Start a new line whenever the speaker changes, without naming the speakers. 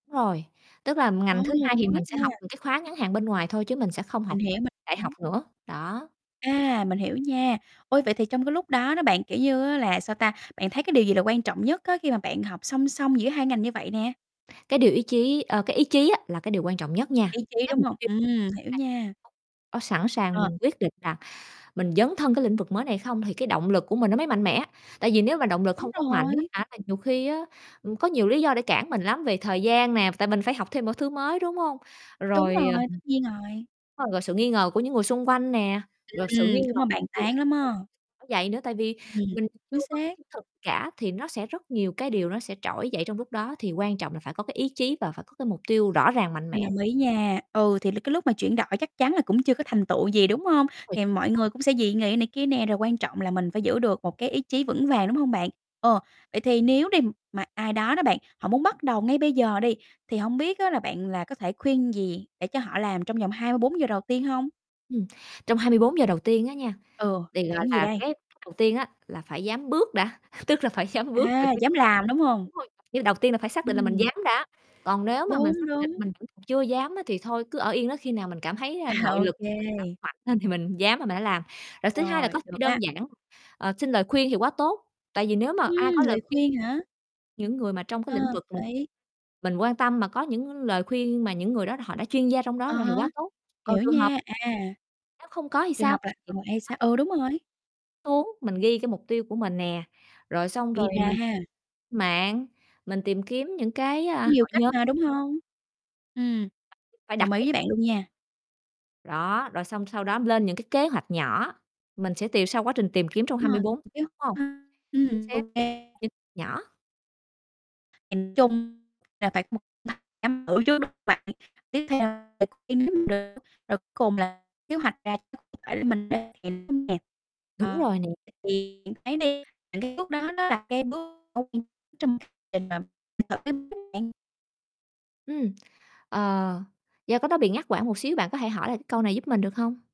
Rồi, tức là
Ồ.
ngành thứ 2 thì
Có
mình sẽ học
nha.
những cái khóa ngắn hạn bên ngoài thôi, chứ mình sẽ không học
Mình hiểu,
theo
mình
đại học
hiểu.
nữa, đó.
A, mình hiểu nha. Ôi, vậy thì trong cái lúc đó đó bạn, kiểu như á, là, sao ta, bạn thấy cái điều gì là quan trọng nhất á, khi mà bạn học song song giữa 2 ngành như vậy nè?
Cái điều ý chí ờ, cái ý chí á là cái điều quan trọng nhất nha.
Ý chí,
Cái
đúng
mục
hông?
tiêu
Ừm, hiểu nha.
càng sẵn sàng
Ờ.
mình quyết định là mình dấn thân cái lĩnh vực mới này không, thì cái động lực của mình nó mới mạnh mẽ. Tại vì nếu mà động lực
Đúng
không có mạnh á
rồi.
hả, là nhiều khi á, ừm, có nhiều lý do để cản mình lắm, về thời gian nè, tại mình phải học thêm một thứ mới, đúng hông?
Đúng
Rồi,
rồi, tất nhiên rồi.
ờ, rồi sự nghi ngờ của những người xung quanh nè, rồi sự nghi
Ừm, đúng
ngờ
là bàn tán
[unintelligible]
lắm á.
vậy nữa, tại vì
Ừm,
mình chưa
chính
có
xác.
chứng thực cả thì nó sẽ rất nhiều cái điều nó sẽ trỗi dậy trong lúc đó, thì quan trọng là phải có cái ý chí và phải có cái mục tiêu rõ ràng, mạnh mẽ.
Mình đồng ý nha, ừ, thì l cái lúc mà chuyển đổi chắc chắn là cũng chưa có thành tựu gì, đúng hông?
Uầy.
Thì mọi
[unintelligible]
người cũng sẽ dị nghị này kia nè, rồi quan trọng là mình phải giữ được một cái ý chí vững vàng, đúng hông bạn? Ờ, vậy thì nếu đi, mà ai đó đó bạn, họ muốn bắt đầu ngay bây giờ đi, thì hông biết á, là bạn là có thể khuyên gì để cho họ làm trong vòng 24 giờ đầu tiên hông?
Ừm, trong 24 giờ đầu tiên á nha,
Ừ,
thì gọi
làm gì
là,
đây?
cái đầu tiên á, là phải dám bước đã, tức là phải dám bước rồi,
À, dám làm, đúng hông?
đúng rồi, nhưng đầu tiên là phải xác định là mình
Ừm.
dám đã. Còn nếu mà mình
Đúng,
xác định
đúng.
mình vẫn chưa dám á, thì thôi, cứ ở yên đó, khi nào mình cảm thấy là
À,
nội
ô
lực mình đã
kê.
mạnh lên thì mình dám là mình hả làm. Rồi thứ 2 là có
Rồi,
thể
được
đơn
á.
giản, ờ, xin lời khuyên thì quá tốt, tại vì nếu mà
Ừm,
ai có lời
lời
khuyên
khuyên hả?
những người mà trong cái
À,
lĩnh
hợp
vực mình
lý.
mình quan tâm mà có những lời khuyên mà những người đó họ đã chuyên gia trong đó
À
rồi thì
há,
quá tốt. Còn
hiểu
trường hợp
nha, à.
Nếu không có thì
Trường
sao?
học là
Thì
còn ê,
có
sao?
thì
Ừ, đúng rồi.
Xuống, mình ghi cái mục tiêu của mình nè, rồi xong
Ghi
rồi
ra
mình
ha.
mạng, mình tìm kiếm những cái, à,
Có nhiều
hội
cách
nhóm.
mà, đúng hông? Ừm,
Phải
đồng
đặt bút
ý với bạn
xuống.
luôn nha.
Đó, rồi xong sau đó lên những cái kế hoạch nhỏ, mình sẽ tìm sau quá trình tìm kiếm trong hai
À,
mươi bốn, đúng
[unintelligible]
hông? Chính
ừm, ô
xác,
kê.
chính nhỏ.
Nhìn chung là phải một chăm ở trước, đúng hông bạn? Tiếp theo [unintelligible] rồi cuối cùng là kế hoạch ra [unintelligible]
Đúng
ờ,
rồi nè.
thì thấy đi những cái bước đó nó là cái bước [unintelligible] bạn.
Ừm, ờ, do cái đó bị ngắt quãng một xíu, bạn có thể hỏi lại cái câu này giúp mình được hông?